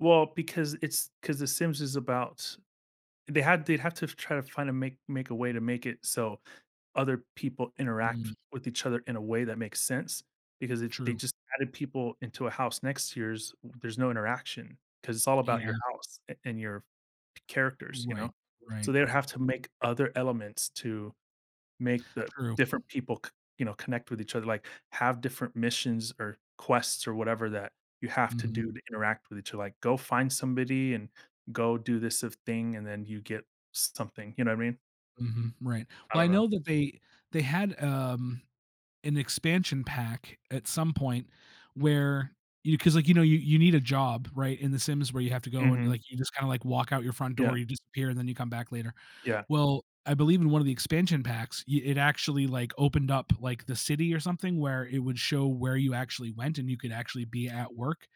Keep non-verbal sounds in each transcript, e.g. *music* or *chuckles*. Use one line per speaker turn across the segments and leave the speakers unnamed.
Well, because it's 'cause the Sims is about they had they have to try to find a make make a way to make it so other people interact
Mm.
with each other in a way that makes sense, because if they,
True.
just, added people into a house next yours, there's no interaction, 'cause it's all about your
Yeah.
house a and your c characters, you know,
Right,
so
right.
they would have to make other elements to make the
True.
different people c you know, connect with each other, like, have different missions, or quests, or whatever that you have to
Mhm.
do to interact with each other, like, go find somebody and go do this of thing and then you get something, you know what I mean?
Mhm, right,
I
well, I
don't know.
know that they they had, um an expansion pack at some point where you 'cause, like, you know, you you need a job, right, in The Sims where you have to go and,
Mhm
like, you, just, kinda, like, walk out your front
Yeah.
door, you disappear and then you come back later.
Yeah.
Well, I believe in one of the expansion packs, yeah, it actually, like, opened up, like, the city or something where it would show where you actually went and you could actually be at work.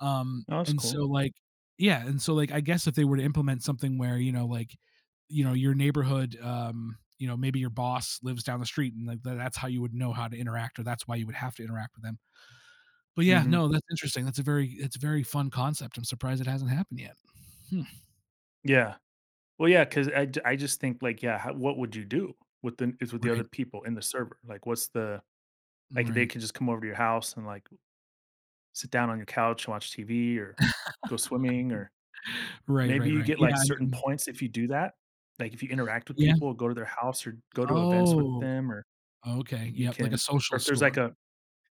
Um,
Oh, that's
and
cool.
so, like Yeah, and so, like, I guess if they were to implement something where, you know, like, you know, your neighborhood, um, you know, maybe your boss lives down the street and, like, that that's how you would know how to interact or that's why you would have to interact with them but yeah,
Mhm
no, that's interesting, that's a very it's a very fun concept, I'm surprised it hasn't happened yet. *chuckles*
Yeah, well, yeah, 'cause I'd I, just, think, like, yeah, h what would you do within is with the other
Right.
people in the server? Like what's the like, they
Right.
could, just, come over to your house and, like, l sit down on your couch and watch TV, or go swimming, or
*laughs* Right,
maybe
right,
you
right,
get, like,
yeah, I
certain
mean
points if you do that, like, if you interact with
Yeah.
people, go to their house, or go to events with
Oh.
them or,
Okay,
you
yup, like, a
can, or
social
if there's
score.
like a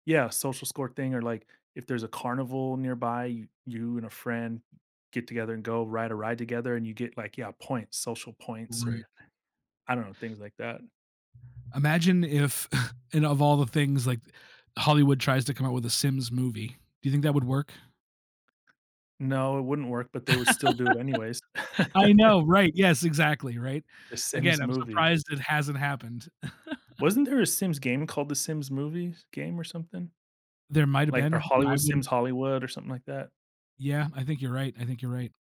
Yeah, social score thing or, like, if there's a carnival nearby, you you and a friend n get together and go ride a ride together and you get, like, yeah, points, social points
Right.
or I don't know, things like that.
Imagine if *chuckles* and of all the things, like, Hollywood tries to come up with a Sims movie. Do you think that would work?
No, it wouldn't work, but they would still do it anyways.
*laughs* I
*laughs*
know, right, yes, exactly, right?
The
Again,
Sims
I'm
movie
surprised it hasn't happened.
Wasn't
*chuckles*
there a Sims game called the Sims movies game or something?
There might've
Like a
been, I
Hollywood Sims
wouldn't
Hollywood or something like that?
Yeah, I think you're right, I think you're right.